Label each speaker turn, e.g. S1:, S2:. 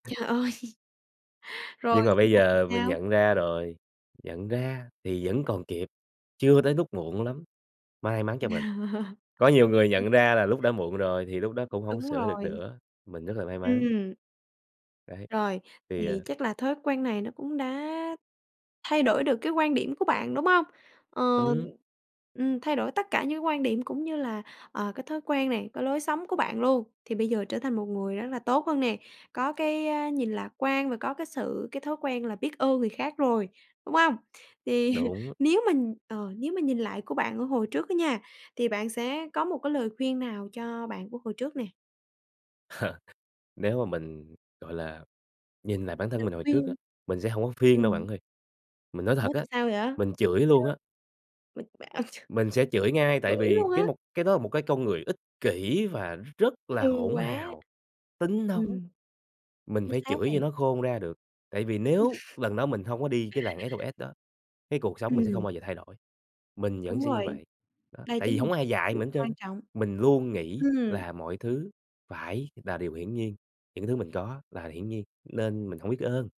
S1: Trời ơi! Rồi
S2: Nhưng mà
S1: sau
S2: bây
S1: này thì
S2: giờ mình
S1: sao?
S2: nhận ra rồi, nhận ra thì vẫn còn kịp, chưa tới lúc muộn lắm, may mắn cho mình. Có nhiều người
S1: Ô
S2: nhận
S1: kê.
S2: ra là lúc đã muộn rồi thì lúc đó cũng hổng
S1: Đúng
S2: sửa được
S1: rồi.
S2: nữa, mình rất là may mắn.
S1: Ừm.
S2: Đấy.
S1: Rồi.
S2: Thì,
S1: Thì
S2: à
S1: chắc là thói quen này nó cũng đã thay đổi được cái quan điểm của bạn, đúng không? Ờ.
S2: Ừm.
S1: Ừm, thay đổi tất cả những cái quan điểm cũng như là, ờ, cái thói quen này, cái lối sống của bạn luôn, thì bây giờ trở thành một người rất là tốt hơn nè, có cái, a, nhìn lạc quan và có cái sự cái thói quen là biết ơn người khác rồi, đúng hông? Thì
S2: Đúng.
S1: nếu mình ờ, nếu mình nhìn lại của bạn ở hồi trước á nha, thì bạn sẽ có một cái lời khuyên nào cho bạn của hồi trước nè?
S2: Nếu mà mình, gọi là, nhìn lại bản thân
S1: Lời
S2: mình hồi trước á,
S1: khuyên.
S2: mình sẽ hông có khuyên đâu
S1: Ừm.
S2: bạn ơi, mình nói thật
S1: Ủa,
S2: á,
S1: tại sao vậy? Chứ
S2: mình chửi luôn á.
S1: mình b
S2: Mình sẽ chửi ngay, tại
S1: chửi
S2: vì
S1: luôn á?
S2: cái một cái đó một cái con người ích kỷ và nó rất
S1: Hư
S2: là hỗn
S1: quá.
S2: hào, tính nóng.
S1: Ừm.
S2: Mình
S1: Chính
S2: phải
S1: xác
S2: chửi
S1: này.
S2: cho nó khôn ra được, tại vì nếu lần đó mình hông có đi cái làng SOS đó, cái cuộc sống mình sẽ không
S1: Ừm.
S2: bao giờ thay đổi, mình vẫn
S1: Đúng
S2: sẽ như
S1: rồi.
S2: vậy. Đó,
S1: Đây
S2: tại
S1: chính
S2: vì
S1: là một
S2: hổng
S1: cái
S2: ai dạy
S1: sự
S2: mình hết
S1: [unintelligible]
S2: trơn
S1: quan
S2: á,
S1: trọng.
S2: mình luôn nghĩ
S1: Ừm.
S2: là mọi thứ phải là điều hiển nhiên, những thứ mình có là hiển nhiên, nên mình hông biết ơn.